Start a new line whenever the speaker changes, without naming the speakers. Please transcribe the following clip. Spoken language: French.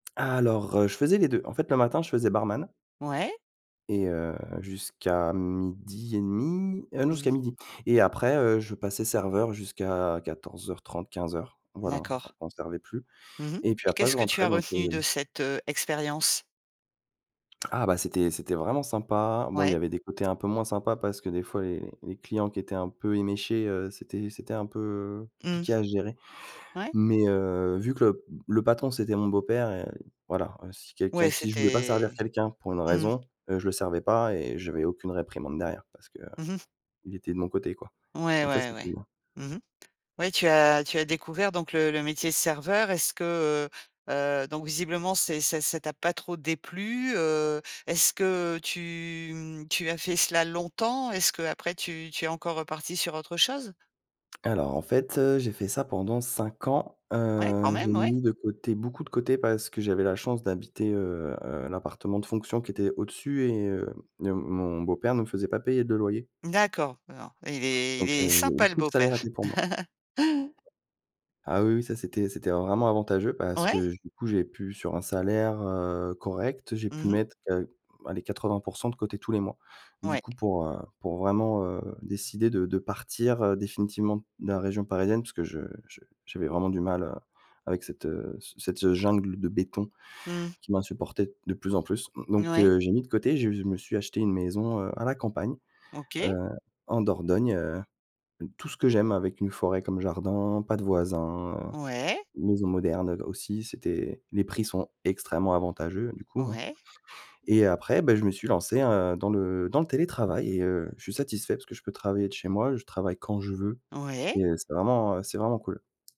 Alors, heu, je faisais les 2. En fait, le matin je faisais barman
Ouais.
et heu, jusqu'à 12:30, heu, non,
Mmh.
jusqu'à 12:00. Et après, heu, je passais serveur jusqu'à 14:30-15:00, voilà,
D'accord.
on servait plus.
Mmh mh
Et puis
et
après
qu'est-ce
je
que tu
rentrais
as
donc
retenu
heu,
de
s
cette, heu, expérience?
Ah bah, c'était c'était vraiment sympa. Bon, il y
Ouais.
avait des côtés un peu moins sympa, parce que des fois, les les clients qui étaient un peu éméchés, heu, c'était c'était un peu
Mmh.
compliqué à gérer.
Ouais.
Mais, heu, vu que le le patron, c'était mon beau-père, heu, voilà si quelqu'un
Ouais,
si je voulais pas servir
c'était
quelqu'un pour une
mmh.
raison, heu, je le servais pas et j'avais aucune réprimande derrière, parce qu'il
Mmh mh.
était de mon côté, quoi.
Ouais,
Donc ça,
ouais,
c'était
ouais. Mmh mh, ouais, tu as tu as découvert donc le le métier serveur. Est-ce que, heu, heu, donc visiblement, c'est c'est ça t'a pas trop déplu? Heu, est-ce que tu, mmh, tu as fait cela longtemps? Est-ce que après tu tu es encore reparti sur autre chose?
Alors en fait, heu, j'ai fait ça pendant 5 ans,
Ouais, quand
heu, j'ai
même, ouais.
mis de côté, beaucoup de côté parce que j'avais la chance d'habiter, heu, l'appartement de fonction qui était au-dessus et heu, heu, mon beau-père me faisait pas payer de loyer.
D'accord, alors, il est il
Donc
est
heu, j'ai eu
sympa le
tout le salaire
beau-père.
était pour moi. Ah oui oui, ça, c'était c'était vraiment avantageux, parce que
Ouais.
du coup, j'ai pu, sur un salaire, heu, correct, j'ai pu
Mmh mh.
mettre qua allez, 80 % de côté tous les mois. Du
Ouais.
coup, pour, heu, pour vraiment, heu, décider de de partir, heu, définitivement de la région parisienne, parce que je je j'avais vraiment du mal, heu, avec cette, heu, ce cette jungle de béton
Mmh.
qui m'insupportait de plus en plus.
N
Donc,
oui.
heu, j'ai mis de côté, je je me suis acheté une maison, heu, à la campagne,
OK.
heu, en Dordogne, heu, tout ce que j'aime avec une forêt comme jardin, pas de voisins,
Ouais.
maison moderne aussi, c'était les prix sont extrêmement avantageux du coup, hein.
Ouais.
Et après, bah, je me suis lancé un dans le dans le télétravail et heu, je suis satisfait parce que je peux travailler de chez moi, je travaille quand je veux
Ouais.
et heu, c'est vraiment c'est vraiment cool.